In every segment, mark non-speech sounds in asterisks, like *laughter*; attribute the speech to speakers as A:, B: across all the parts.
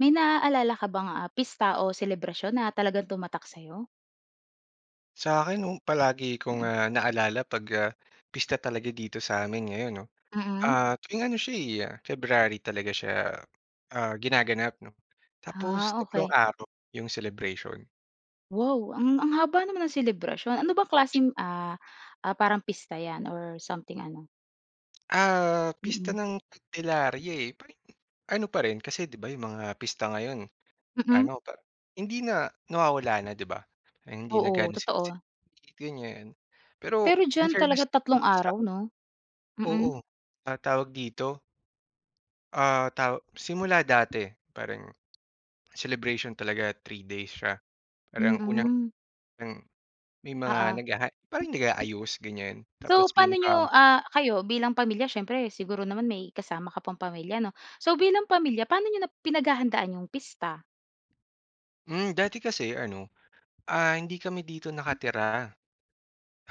A: May naaalala ka bang, ah, pista o selebrasyon na talagang tumatak sa'yo?
B: Sa akin noong palagi kong,
A: Mm.
B: ah, naalala 'pag ah, pista talaga dito sa'min ngayon 'no.
A: Mm.
B: Ah, tuwing ano siya eh, February talaga siya, ah, ginaganap 'no, tapos
A: Ah,
B: 3
A: okey.
B: araw yung celebration.
A: Wow! A ng, ang haba naman ng selebrasyon. Ano bang klaseng, ah, ah, parang pista 'yan or something ano?
B: Ah, Pista
A: Mm.
B: ng Candelaria eh. Parang yung, ano pa rin kasi 'di ba, 'yong mga pista ngayon,
A: Mm.
B: ano pa hindi na nawawala na 'di ba. Hindi na
A: Oo,
B: gaanong
A: totoo.
B: sine-celabrate ganyan. Pero
A: Pero
B: in
A: diyan
B: fairness
A: talaga 3
B: dito
A: araw
B: samin
A: 'no? Mm.
B: Oo ta tawag dito ah, taw simula dati, parang celebration talaga 3 days siya. Parang
A: Mm.
B: unang-unang may mga
A: Oo.
B: naghaha parang nag-aayos ganyan tapos
A: So, paano
B: pinaka
A: niyo ah, kayo bilang pamilya siyempre siguro naman may kasama ka pang pamilya, 'no? So, bilang pamilya paano nyo na pinaghahandaan yung pista?
B: Hmm, dati kasi ano ah, hindi kami dito nakatira.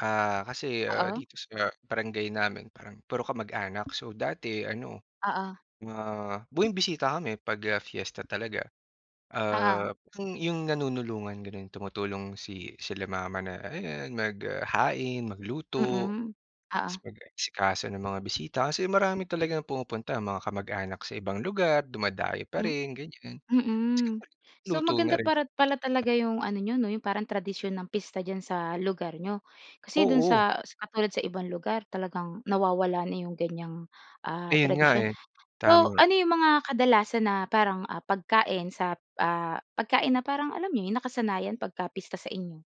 B: Ah, kasi ah,
A: Oo.
B: dito sa barangay namin parang puro kamag-anak. So, dati ano
A: Oo.
B: mga bumibisita kami 'pag ah, fiesta talaga. Ah,
A: Oo.
B: 'yong yung nanunulungan gano'n tumutulong si sila mama na ayan mag, ah, hain magluto
A: Mm,
B: 'tas
A: oo.
B: mag-aasikaso ng mga bisita kasi marami talagang pumupunta. Mga kamag-anak sa ibang lugar dumadayo pa
A: Hmm
B: rin ganyan,
A: Mm.
B: *unintelligible*
A: So,
B: luto na
A: maganda
B: rin.
A: para pala talaga 'yong ano n'yo 'no yung parang tradisyon ng pista dyan sa lugar n'yo. Kasi do'n
B: Oo.
A: sa sa katulad sa ibang lugar talagang nawawala na 'yong ganyang ah,
B: Ayon nga
A: tradisyon.
B: eh.
A: So,
B: Tama.
A: ano 'yong mga kadalasan na parang ah, pagkain sa, ah, pagkain na parang alam mo 'yon yun nakasanayan pagka pista sa inyo?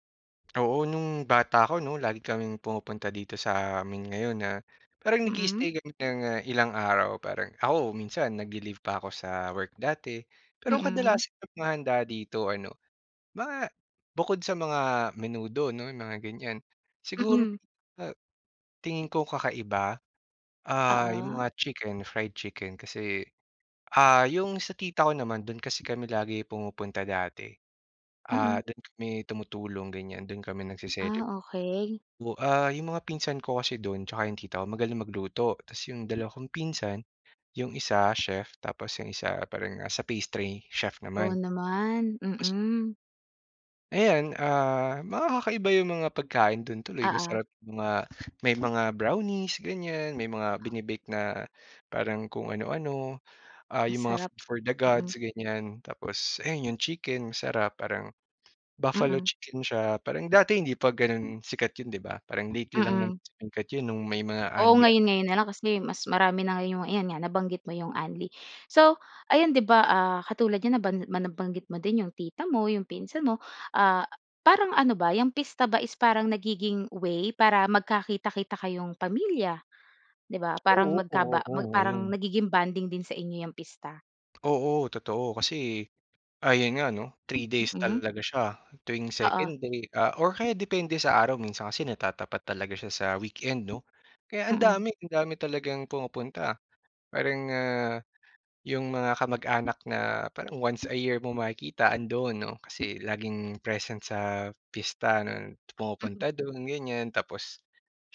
B: Oo, no'ng bata ako 'no, lagi kaming pumupunta dito sa amin ngayon na parang nag-i-i-stay
A: Mm.
B: kami ng ilang araw parang ako minsan nagli-leave pa ako sa work dati. Pero
A: Mm.
B: kadalasan ng mga handa dito ano, mga bukod sa mga menudo 'no, 'yong mga ganyan, siguro, *unintelligible*
A: Mm.
B: a tingin ko kakaiba, ah, 'yong
A: Oo.
B: mga chicken, fried chicken kasi Ah, 'yong sa tita ko naman do'n kasi kami lagi pumupunta dati, ah
A: Mm.
B: do'n kami tumutulong ganyan, do'n kami nag-ce-celeb
A: Ah, okay.
B: O ah, 'yong mga pinsan ko kasi do'n tsaka 'yong tita ko magaling magluto tas 'yong dalawang pinsan, 'yong isa chef tapos 'yong isa parang, ah, sa pastry chef
A: Wow
B: naman.
A: naman,
B: Pos
A: mm.
B: Ayan, ah, mga kakaiba 'yong mga pagkain do'n tuloy
A: Oo.
B: masarap mga, may mga brownies ganyan may mga bine-bake na, parang kung ano-ano. Ah, 'yong mga
A: Masarap
B: food for the
A: Mm.
B: gods, ganyan, tapos, ayan 'yong chicken masarap, parang buffalo
A: Mm.
B: chicken siya parang dati hindi 'pa gano'n sikat 'yon 'di ba, parang lately lang naman
A: Mm.
B: sumikat 'yon no'ng may mga
A: Oo,
B: unli-un
A: ngayon-ngayon na lang kasi mas marami na ngayon 'yong, ayan nga nabanggit mo 'yong unli. So, ayan 'di ba, ah, katulad niyan naban ma nabanggit mo din 'yong tita mo, 'yong pinsan mo, ah, parang ano ba, 'yang pista ba is parang nagiging way para magkakita-kita kayong pamilya, 'di ba. Parang
B: Oo,
A: magkaba
B: oo
A: parang
B: ngayon.
A: nagiging bonding din sa inyo 'yang pista?
B: Oo, totoo kasi ah, 'yon nga 'no, 3 days
A: Mm.
B: talaga siya, tuwing
A: Oo.
B: 2nd day, ah, or kaya depende sa araw minsan kasi natatapat talaga siya sa weekend 'no, kaya ang
A: Mm.
B: dami, ang dami talagang pumupunta. Parang, ah, 'yong mga kamag-anak na parang once a year mong makikita, andoon 'no, kasi laging present sa pista 'no
A: Mm.
B: pumupunta do'n ganyan. Tapos,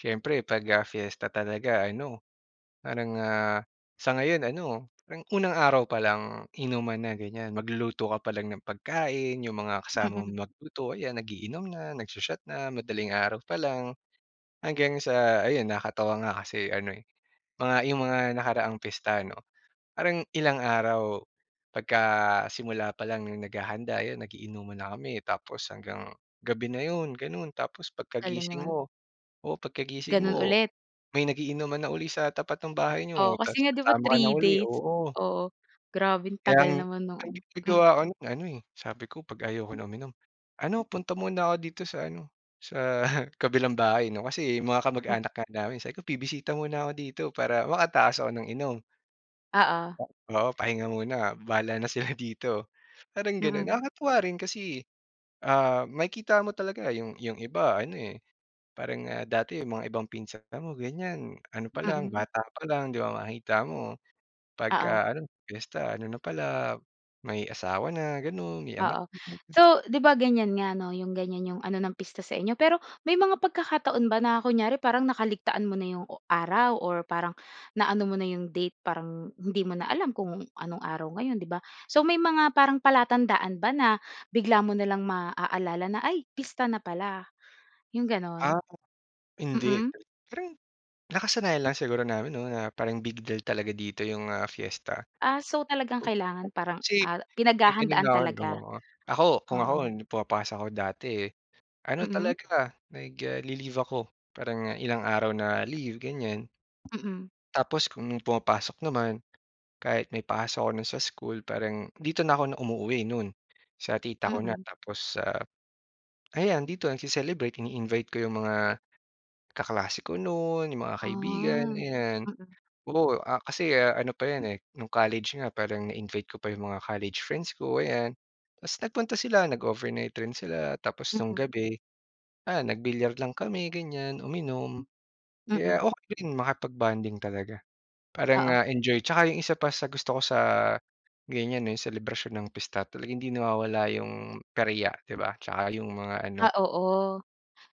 B: siyempre pag, ah, fiesta talaga ano, parang, ah, sa ngayon ano, parang unang araw pa lang inuman na ganyan, magluluto ka pa lang ng pagkain, 'yong mga kasama mo
A: Mm.
B: magluto, ayan nag-iinom na, nag-sho-shot na, madaling araw pa lang. Hanggang sa ayun nakatawa nga kasi ano, eh, mga 'yong mga nakaraang pista ano, parang ilang araw, pagka simula pa lang no'ng naghahanda, 'yon nag-iinuman na kami tapos hanggang gabi na 'yon, gano'n. Tapos,
A: Galing
B: pagkagising
A: naman.
B: mo o, pagkagising
A: Gano'n
B: mo,
A: ulit.
B: may nag-iinuman na uli sa tapat ng bahay niyo
A: Oo,
B: tas
A: kasi nga 'di ba
B: sama ka na
A: 3
B: uli,
A: days.
B: oo.
A: Oo, grabeng
B: Kaya ang
A: tagal naman no'ng
B: ang
A: ano, mm.
B: ginagawa ko no'n ano, eh, sabi ko 'pag ayoko na uminom, "Ano, punta muna ako dito sa ano, sa *scoffs* kabilang bahay" 'no, kasi mga
A: Hmm.
B: kamag-anak nga namin sabi ko "Bibisita muna ako dito," para makatakas ako ng inom.
A: Oo.
B: 'Pag oo, pahinga muna, bahala na sila dito. Parang gano'n
A: Mm.
B: nakakatuwa rin kasi, ah, makikita mo talaga 'yong 'yong iba ano, eh, parang, ah, dati 'yong mga ibang pinsan mo ganyan, ano pa lang
A: Mm.
B: bata pa lang 'di ba, makikita mo
A: Oo.
B: pagka ano piyesta ano na pala, may asawa na gano'n, may anak
A: Oo. So, 'di ba ganyan nga 'no, 'yong ganyan 'yong ano ng pista sa inyo. Pero, may mga pagkakataon ba na kunyari parang nakaligtaan mo na 'yong o araw or parang, naano mo na 'yong date parang hindi mo na alam kung anong araw ngayon, 'di ba. So, may mga parang palatandaan ba na bigla mo na lang maaalala na, ay, pista na pala, 'yong gano'n?
B: Ah, hindi,
A: Mm.
B: pero yung nakasanayan lang siguro namin 'no, na parang big deal talaga dito 'yong, ah, fiesta.
A: Ah, so talagang
B: O o,
A: kailangan parang,
B: si
A: ah,
B: nag ganyan na
A: pinaghahandaan
B: ako 'no,
A: talaga?
B: ah, ako, kung ako
A: Oo.
B: pumapasok ako dati, ano
A: Mm.
B: talaga nag ah, li-leave ako parang ilang araw na leave ganyan.
A: Mm.
B: Tapos, kung pumapasok naman, kahit may pasok ako no'n sa school parang dito na ako na umuuwi no'n, sa tita ko na.
A: Mm.
B: Tapos, sa ayan dito nagce-celebrate, ini-invite ko 'yong mga kaklase ko no'n, 'yong mga
A: Ah,
B: kaibigan, ayan.
A: mm.
B: Oo, ah, kasi, ah, ano pa 'yan, eh, no'ng college nga parang na-invite ko pa 'yong mga college friends ko, ayan. Tas nagpunta sila, nag-overnight rin sila tapos no'ng
A: Mm.
B: gabi, ah, nag-bilyar lang kami ganyan, uminom. Kaya,
A: Mm.
B: okay din makipag-bonding talaga parang,
A: Oo.
B: ah, enjoy. Tsaka yung isa pa sa gusto ko sa ganyan, eh, selebrasyon ng pista talagang hindi nawawala yung perya 'di ba, tsaka yung mga ano
A: Ah, oo.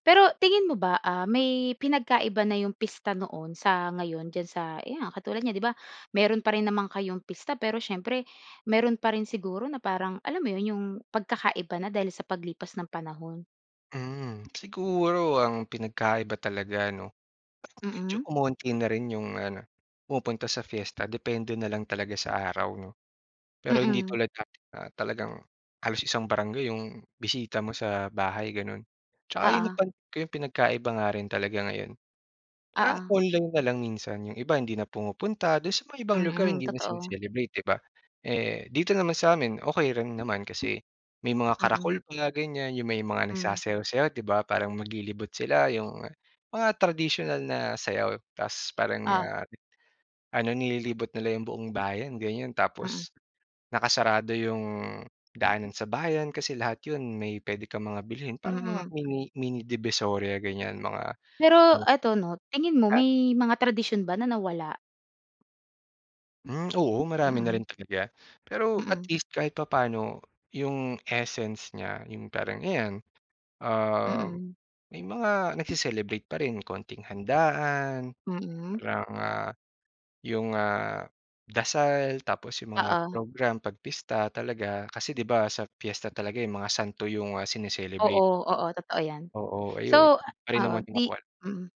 A: Pero, tingin mo ba, ah, may pinagkaiba na 'yong pista noon sa ngayon diyan sa, ayan nga, katulad niya 'di ba, meron pa rin naman kayong pista pero siyempre meron pa rin siguro na parang, alam mo 'yon, 'yong pagkakaiba na dahil sa paglipas ng panahon?
B: Hmm, siguro ang pinagkaiba talaga, 'no, parang medyo
A: Mm.
B: umonti na rin 'yung ano pumupunta sa fiesta depende na lang talaga sa araw, 'no? Pero hindi
A: Mm.
B: tulad dati na talagang halos isang barangay 'yong bisita mo sa bahay gano'n. 'Tsaka 'yun
A: Oo.
B: napansin ko 'yong pinagkaiba nga rin talaga ngayon, parang
A: Oo.
B: online na lang minsan. 'Yong iba hindi na pumupunta, do'n sa may ibang lugar
A: Mm,
B: hindi na
A: totoo.
B: sine-celebrate, 'di ba. Eh, dito naman sa amin okey rin naman kasi may mga
A: Mm.
B: karakol pa ganyan 'yong may mga
A: Hmm.
B: nagsasayaw-sayaw, 'di ba, parang maglilibot sila. 'Yong mga tradisyonal na sayaw tas parang,
A: O.
B: ah, ano nililibot nila 'yung buong bayan ganyan.
A: Mm.
B: Tapos nakasarado 'yung daanan sa bayan kasi lahat 'yun may puwede kang mga bilhin parang mga
A: Mm.
B: mini mini divisoria ganyan, mga
A: Pero
B: *unintelligible*
A: eto, no, tingin mo
B: Ha.
A: may mga tradisyon ba na nawala?
B: Hmm, oo marami na rin
A: Mm.
B: talaga. Pero at
A: Mm.
B: least kahit papano 'yung essence niya 'yung parang ayan, ah,
A: Mm.
B: may mga nagse-celebrate pa rin. Konting handaan
A: Mm.
B: parang, ah, 'yung, ah, dasal. Tapos 'yung mga
A: Oo.
B: program 'pag pista talaga. Kasi, 'di ba, sa piyesta talaga, eh, 'yung mga santo 'yong, ah, sine-celebrate.
A: Oo. Oo, totoo 'yan.
B: Oo. Ayun
A: So
B: pa rin
A: oo,
B: naman yung
A: 'di
B: makwan.
A: mm.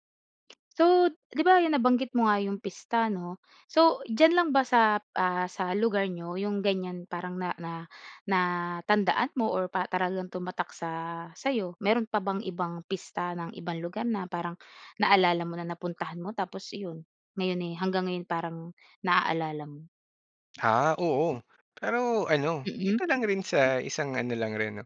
A: So, 'di ba, 'yun nabanggit mo nga 'yung pista, 'no? So, diyan lang ba sap, ah, sa lugar n'yo 'yung ganyan parang na na natandaan mo or pa para lang tumatak sa sa'yo. Meron pa bang ibang pista ng ibang lugar na parang naalala mo na napuntahan mo tapos 'yun ngayon, eh, hanggang ngayon parang naaalala mo?
B: Ah, oo pero ano
A: Mm.
B: dito lang rin sa isang ano lang rin no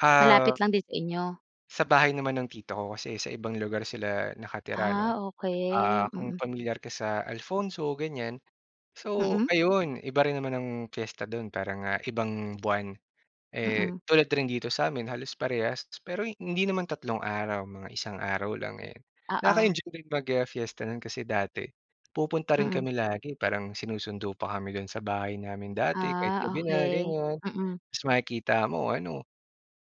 B: ah
A: Malapit lang din sa inyo?
B: Sa bahay naman ng tito ko kasi sa ibang lugar sila nakatira no.
A: Ah,
B: Ah,
A: okey,
B: kung
A: mm.
B: pamilyar ka sa Alfonso ganyan. So,
A: Hmm.
B: ayun iba rin naman ang fiesta dun para nga ibang buwan. Eh
A: Mm.
B: tulad rin dito sa amin halos parehas pero hindi naman 3 araw mga 1 araw lang ayan.
A: Oo.
B: Nakaka-enjoy din, ah, mag-fiesta nun kasi dati pupunta rin
A: Mm.
B: kami lagi parang sinusundo pa kami dun sa bahay namin dati kahit
A: Ah,
B: gabi na
A: okey,
B: ganyan.
A: mm.
B: Tapos makikita mo ano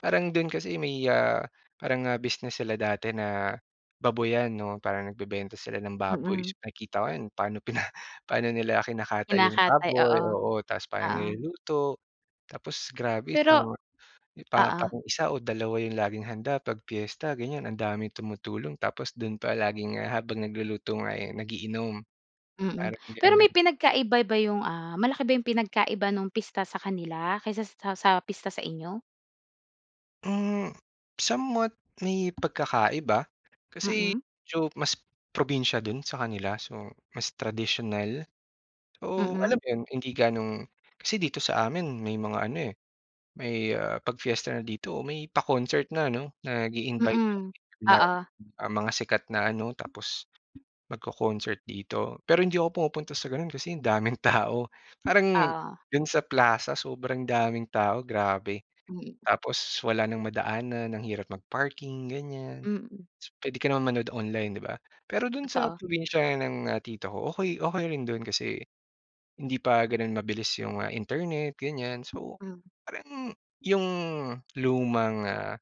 B: parang dun kasi may ah, parang, ah, business sila dati na baboyan no parang nag bebenta sila ng baboy
A: Mm.
B: so nakikita ko yan paano pina paano nila kinakatay yung
A: Kinakatay oo
B: baboy oo. Tapos parang
A: oo.
B: niluluto tapos grabe sa
A: Pero
B: parang
A: oo.
B: 1 o 2 yung laging handa pag piyesta ganyan ang daming tumutulong tapos dun pa laging, ah, habang nagluluto nga eh, nag-iinom
A: Mm
B: parang
A: pero may
B: ganun.
A: pinagkaiba ba yung, ah, malaki ba yung pinagkaiba nung pista sa kanila kaysa sa sa pista sa inyo?
B: Hmm, somewhat may pagkakaiba kasi
A: Mm.
B: medyo mas probinsiya do'n sa kanila. So, mas tradisyonal, oh, alam
A: Mm.
B: mo 'yon hindi ganong kasi dito sa amin may mga ano, eh, may, ah, 'pag fiesta na dito may pa-concert na no? Nag-iinvite
A: Mm,
B: na,
A: oo.
B: ah, mga sikat na ano tapos magco-concert dito. Pero hindi ako pumupunta sa gano'n kasi ang daming tao parang
A: Oo.
B: do'n sa Plaza sobrang daming tao grabe.
A: Hmm.
B: Tapos wala nang madaanan ang hirap mag-parking ganyan.
A: Mm.
B: So pwede ka naman manood online, 'di ba? Pero do'n sa
A: Totoo.
B: probinsiya ng, ah, tito ko okey okey rin do'n kasi hindi pa gano'n mabilis 'yong, ah, internet ganyan. So
A: Hmm.
B: parang 'yong lumang, ah,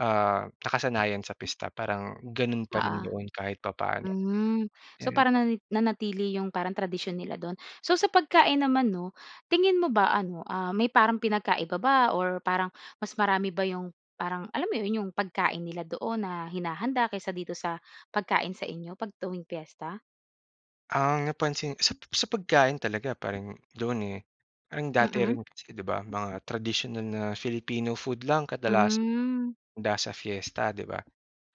B: ah, nakasanayan sa pista parang gano'n pa rin
A: Oo,
B: doon kahit papaano
A: hmm. So
B: ganun
A: parang
B: po.
A: nani nanatili 'yong parang tradisyon nila do'n. So sa pagkain naman 'no tingin mo ba ano ah may parang pinagkaiba ba or parang mas marami ba 'yong parang alam mo 'yon 'yong pagkain nila doon na hinahanda kesa dito sa pagkain sa inyo 'pag tuwing fiesta?
B: Ang napansin sa sa pagkain talaga parang doon, eh, parang dati
A: Mm.
B: rin kasi 'di ba mga tradisyonal na Filipino food lang kadalasan
A: Hmm.
B: handa sa fiesta, 'di ba?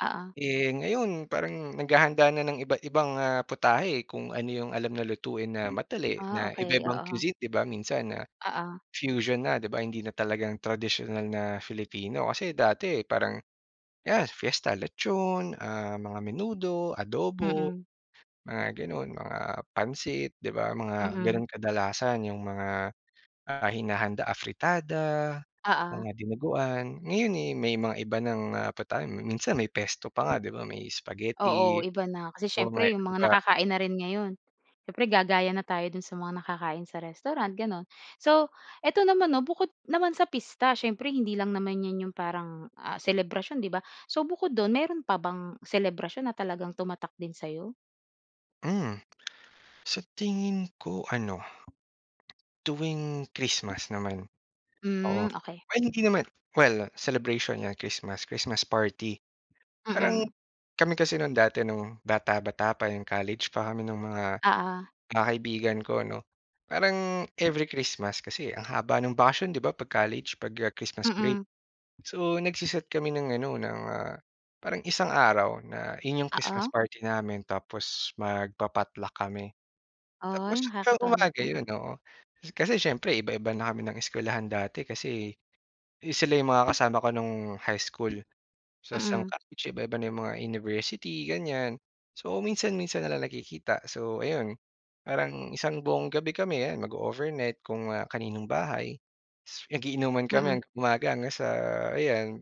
A: Oo.
B: Eh, ngayon parang naghahanda na ng iba't-ibang, ah, putahe, eh, kung ano 'yong alam na lutuin na madali
A: Ah,
B: na
A: okey.
B: iba-ibang
A: Oo.
B: cuisine, 'di ba? Minsan, ah,
A: Oo.
B: fusion na 'di ba hindi na talagang tradisyonal na Filipino. Kasi dati parang ayan fiesta lechon, ah, mga menudo, adobo.
A: Mm.
B: Mga gano'n, mga pansit 'di ba mga
A: Mm.
B: ganun kadalasan 'yung mga, ah, hinahanda afritada,
A: Oo.
B: mga dinuguan. Ngayon, eh, may mga iba ng, ah, putahe, minsan may pesto pa nga 'di ba may spaghetti,
A: Oo, iba na. Kasi
B: oo nga, eh,
A: siyempre 'yong
B: 'di
A: mga
B: ba.
A: nakakain na rin ngayon. Siyempre gagaya na tayo do'n sa mga nakakain sa restaurant gano'n. So eto naman 'no bukod naman sa pista siyempre hindi lang naman 'yan 'yong parang, ah, selebrasyon, 'di ba? So bukod do'n mayro'n pa bang selebrasyon na talagang tumatak din sa'yo?
B: Hmm. Sa tingin ko ano tuwing Christmas naman.
A: Hmm,
B: Oo.
A: okey.
B: Well hindi naman Well celebration, ah, Christmas, Christmas party. Parang
A: Mm.
B: kami kasi no'ng dati no'ng bata-bata pa 'yong college pa kami nung mga,
A: Oo.
B: ah, kaibigan ko 'no, parang every Christmas kasi ang haba ng bakasyon 'di ba 'pag college pag, ah, Christmas break.
A: Mm.
B: So nagse-set kami ng ano ng, ah, parang isang araw na yun 'yong Christmas
A: Oo.
B: party namin tapos magpa-potluck kami. Tapos,
A: Ay,
B: sa
A: nakakatuwa naman,
B: umaga
A: mm.
B: 'yon, oo. Kasi siyempre iba-iba na kami ng eskuwelahan dati kasi eh, sila 'yung mga kasama ko no'ng high school. Tas no'ng
A: Mm.
B: college iba-iba na 'yong mga university ganyan. So minsan-minsan na lang nagkikita. So ayun, parang isang buong gabi kami 'yan mag-oovernight kung, ah, kaninong bahay. Mag-iinuman kami
A: Mm.
B: hanggang umaga hanggang sa ayan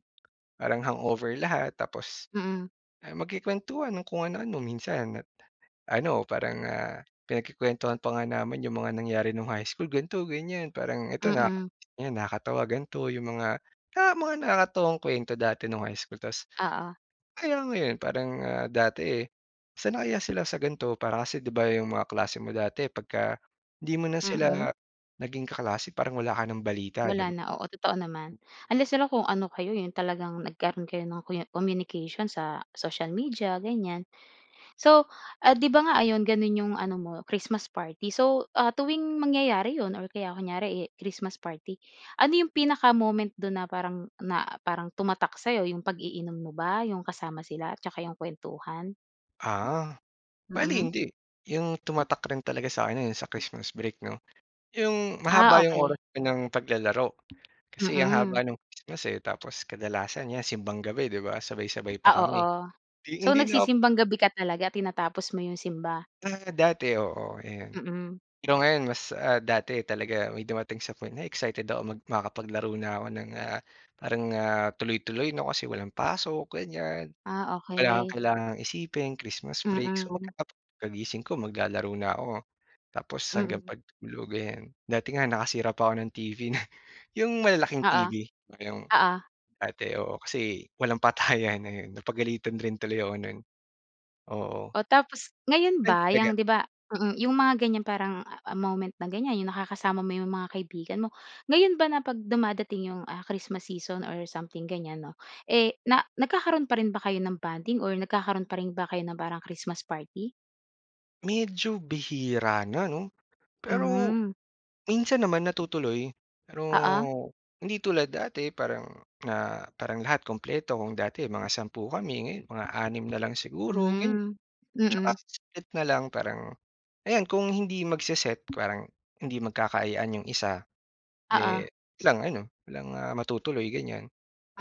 B: parang hangover lahat. Tapos,
A: Mm.
B: ah, magkukuwentuhan ng kung ano-ano. Minsan ano parang, ah, pinagkukuwentuhan pa nga namin 'yong mga nangyari 'nung high school, ganito ganyan. Parang ito na naka
A: Mm.
B: ayan nakakatawa ganito 'yong mga, ah, mga nakakatuwang kuwento dati no'ng high school. Tas
A: Oo.
B: alam mo 'yon parang, ah, dati, eh, "Saan na kaya sila sa ganito?" Para kasi 'di ba 'yong mga kaklase mo dati pagka hindi mo na sila
A: Mm.
B: naging kaklase parang wala ka ng balita, 'di ba?
A: Wala na. Oo, totoo naman. Unless na lang kung ano kayo 'yong talagang nagkaroon kayo ng kunya communication sa social media ganyan. So, ah, 'di ba nga ayon gano'n 'yong ano mo Christmas party so, ah, tuwing mangyayari 'yon or kaya kunyari, eh, Christmas party, ano 'yong pinaka-moment do'n na parang na parang tumatak sa'yo? 'Yong pag-iinom mo ba 'yong kasama sila 'tsaka 'yong kuwentuhan?
B: Ah, bale
A: Mm.
B: hindi. Yung tumatak rin talaga sa'kin yung sa Christmas break no. Yung
A: Ah
B: mahaba yung
A: okey.
B: oras pa nang paglalaro kasi ang
A: Mm.
B: haba ng Christmas eh. Tapos kadalasan yan simbang gabi, 'di ba sabay-sabay pa
A: Ah
B: kami,
A: oo,
B: di
A: so
B: hindi na
A: nagsisimbang gabi ka talaga? Tinatapos mo yung simba?
B: Ah, dati oo, ayon.
A: Mm.
B: Pero ngayon mas ah, dati talaga. May dumating sa point na excited ako mag makakapaglaro na ko ng ah, parang ah, tuloy-tuloy no kasi walang pasok ganyan.
A: Ah
B: Wala kang
A: okey.
B: kailangang isipin, Christmas break, so
A: Mm.
B: *unintelligible* pagkagising ko maglalaro na ako. Tapos hanggang
A: Mm.
B: pagtulog ayan. Dati nga nakasira pa 'ko ng TV nun. Yung malalaking
A: Oo,
B: TV, yung
A: oo.
B: dati. Oo, kasi walang patayan ayon, napagalitan rin tuloy ako nun. Oo.
A: O tapos ngayon
B: Ay
A: ba
B: talaga
A: yang 'di ba, mm, yung mga ganyan parang moment na ganyan yung nakakasama mo yung mga kaibigan mo. Ngayon ba na 'pag dumadating yung, ah, Christmas season or something ganyan no, eh na nagkakaroon pa rin ba kayo ng bonding or nagkakaroon pa rin ba kayo ng parang Christmas party?
B: Medyo bihira na, 'no, pero
A: Hmm.
B: minsan naman natutuloy pero
A: Oo.
B: hindi tulad dati parang na parang lahat kumpleto kung dati mga 10 kami ngayon mga 6 na lang siguro gan
A: Hmm,
B: tsaka
A: mm.
B: *unintelligible* na lang parang ayan kung hindi magse-set parang hindi magkakaayaan 'yong isa, eh,
A: Oo.
B: lang ano walang matutuloy ganyan.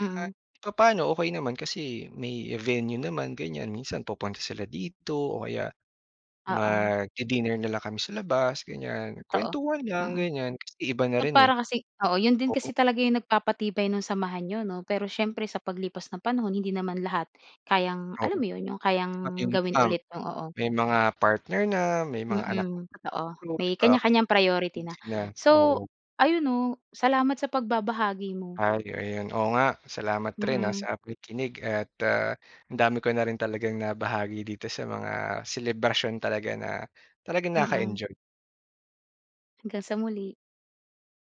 B: Kaya i papaano okey naman kasi may venue naman ganyan minsan pupunta sila dito o kaya
A: Oo.
B: magdi-dinner na lang kami sa labas ganyan
A: Totoo,
B: kwentuhan lang
A: mm.
B: ganyan kasi iba na
A: Na
B: rin, eh.
A: para kasi oo, 'yon din
B: Oo.
A: kasi talaga yung nagpapatibay ng samahan n'yo, 'no? Pero siyempre sa paglipas ng panahon hindi naman lahat kayang
B: Oo,
A: alam mo 'yon, 'yong kayang
B: pati yung
A: gawin
B: iba
A: ulit, o o o.
B: may mga partner na may mga anak,
A: Mm, totoo
B: *unintelligible* di
A: may
B: ba?
A: kanya-kanyang priority
B: Hmm,
A: na.
B: sina,
A: So
B: oo.
A: ayun, no, salamat sa pagbabahagi mo.
B: Ay, oh, 'yon, oo nga salamat rin, ah,
A: Mm.
B: sa pakikinig at at, ah, ang dami ko na rin talagang nabahagi dito sa mga selebrasyon talaga na talagang
A: Mm.
B: nakaka-enjoy.
A: Hanggang sa muli.